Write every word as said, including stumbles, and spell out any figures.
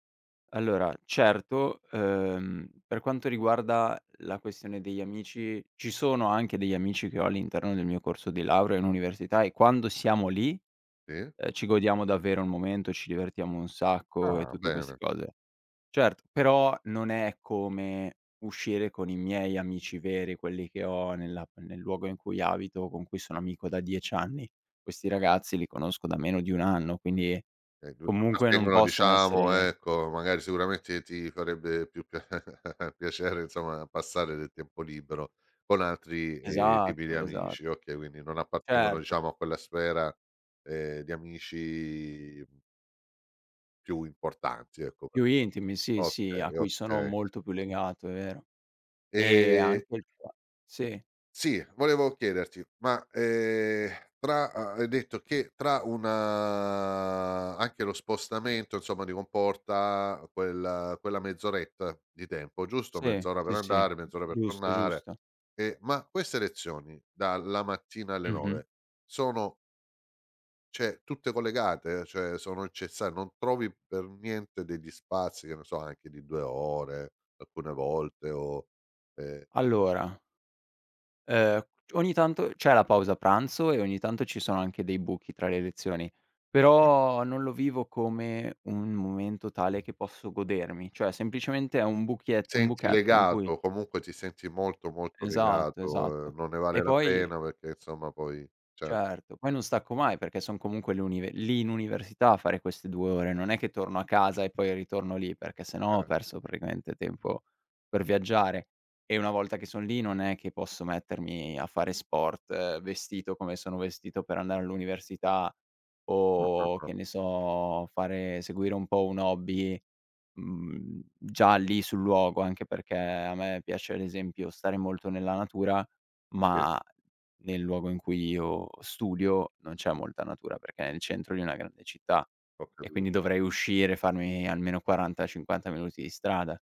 Allora certo, ehm, per quanto riguarda la questione degli amici, ci sono anche degli amici che ho all'interno del mio corso di laurea, in università e quando siamo lì, Sì. uhm, ci godiamo davvero un momento, ci divertiamo un sacco e Ah, tutte queste bene. cose. Certo, però non è come uscire con i miei amici veri, quelli che ho nella a nel luogo in cui abito, con cui sono amico da dieci anni. Questi O ragazzi li conosco da meno di un anno, quindi [unintelligible] comunque non appartengono possono diciamo essere ecco magari sicuramente ti farebbe più pia piacere insomma passare del tempo libero con altri, ehm, tipi di Esatto, esa amici. Okay, quindi non appartengono Certo. diciamo a quella sfera, uhm, di amici mh più importanti, ecco. Più intimi, sì, sì, a Okay, cui sono okay. molto più legato, è vero. E Ehm anche il qua sì. Sì, volevo chiederti, ma, ehm, tra ha hai detto che tra una anche lo spostamento, insomma, ti comporta quel quella mezz'oretta di tempo, giusto? Sì, Mezz'ora per sì, sì, andare, mezz'ora per giusto, tornare. giusto. E ma queste lezioni dalla mattina alle Mh-mh. nove sono ceh tutte collegate? Cioè sono incessa non trovi per niente degli spazi, che ne so anche di due ore alcune volte o ehm Allora uhm, ogni tanto c'è la pausa pranzo, e ogni tanto ci sono anche dei buchi tra le lezioni, [unintelligible] però non lo vivo come un momento tale che posso godermi, cioè semplicemente è un buchiet un Senti buchetto in legato, cui o comunque ti senti molto molto Esatto, legato, esatto. ehm, non ne E vale la poi pena perché insomma poi cer Certo, poi non stacco mai perché son comunque l'uni lì in università a fare queste due ore, non è che torno a casa e poi ritorno lì perché se no ho Chia perso praticamente tempo per viaggiare. E una volta che son lì, non è che posso mettermi a fare sport vestito come sono vestito per andare all'università; Mh. mh. o mh. che ne so, fare seguire un po' un hobby, mhmm, già lì sul luogo, anche perché, a me piace l'esempio stare molto nella natura, Sì. ma nel luogo in cui io studio, non c'è molta natura, perché è il centro di una grande città, Ho e capi quindi dovrei uscire, farmi almeno quaranta, cinquanta minuti di strada.